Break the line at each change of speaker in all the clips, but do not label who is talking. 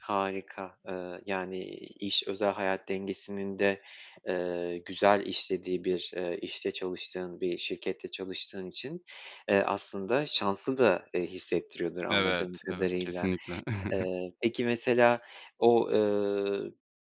Harika, ııı, yani iş özel hayat dengesinin de, ııı, güzel işlediği bir, ııı, işte, çalıştığın bir şirkette çalıştığın için, eee, aslında şanslı da, eee, hissettiriyordur
Evet,
anladığım
evet,
kadarıyla.
kesinlikle.
Iıı, peki mesela o, ııı, b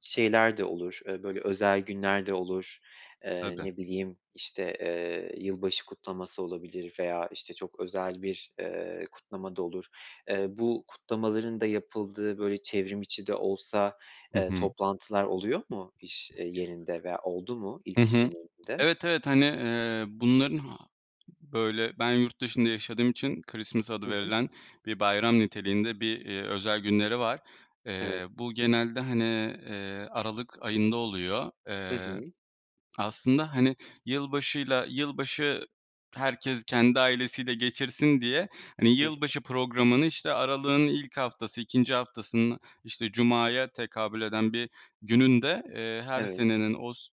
şeyler de olur, ııı, böyle özel günler de olur, eee,
Tabii.
ne bileyim, işte, eee, yılbaşı kutlaması olabilir veya, işte, çok özel bir, eee, kutlama da olur. Eee, bu kutlamaların da yapıldığı böyle çevrimiçi de olsa,
Hı
eee,
hı.
toplantılar oluyor mu iş, eee, yerinde veya oldu mu
Hı
ilk iş
hı.
deneyminde?
Evet, evet, hani, eee, bunların ha böyle, ben yurt dışında yaşadığım için Christmas adı
Hı hı.
verilen bir bayram niteliğinde bir, eee, özel günleri var. Eee,
Evet.
bu genelde, hani, eee, aralık ayında oluyor.
Hı
Eee,
hı.
aslında, hani, yılbaşıyla, yılbaşı herkes kendi ailesiyle geçirsin diye, hani,
Hı hı.
yılbaşı programını, işte, aralığın ilk haftası, 2. haftasının, işte, cumaya tekabül eden bir gününde, eee, her
Evet.
senenin os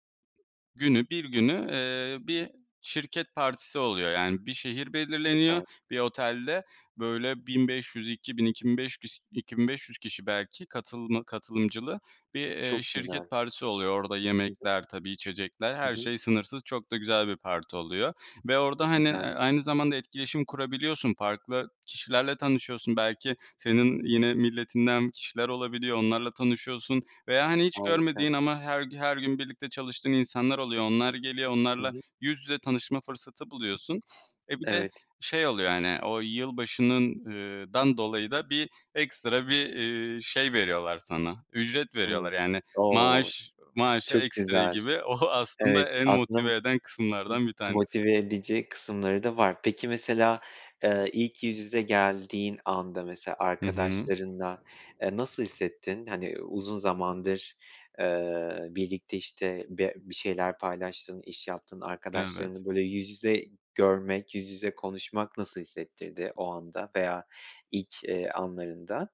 günü, bir günü, eee, bir şirket partisi oluyor. Yani bir şehir belirleniyor,
Süper.
bir otelde böyle, 1500, 2000, 2005 kiş 2500 kişi belki katılma katılımcılı bir, eee,
Çok
şirket
güzel.
partisi oluyor. Orada
Hı hı.
yemekler, tabii içecekler, her
Hı hı.
şey sınırsız, çok da güzel bir parti oluyor ve orada, hani, ııı,
[unintelligible]
aynı zamanda etkileşim kurabiliyorsun. Farklı kişilerle tanışıyorsun. Belki senin yine milletinden kişiler olabiliyor, onlarla tanışıyorsun veya, hani, hiç
Harika.
görmediğin ama her g her gün birlikte çalıştığın insanlar oluyor. Onlar geliyor,
Hı
onlarla
hı.
yüz yüze tanışma fırsatı buluyorsun. E bir de
Evet.
şey oluyor, hani, o yılbaşının, ııı, dan dolayı da bir ekstra bir, eee, şey veriyorlar sana, ücret veriyorlar.
Hımm.
Yani
O
maaş, maaşa
çok
ekstra
güzel.
gibi, o aslında
Evet,
en
aslında bu
motive eden kısımlardan bir
m
tanesi.
motive edici kısımları da var. Peki mesela, eee, ilk yüz yüze geldiğin anda mesela
Hı hı.
arkadaşlarınla, eee, nasıl hissettin, hani, uzun zamandır, eee, birlikte, işte, be bir şeyler paylaştığın, iş yaptığın
Evet.
arkadaşlarını böyle yüz yüze görmek, yüz yüze konuşmak nasıl hissettirdi o anda veya ilk, eee, anlarında?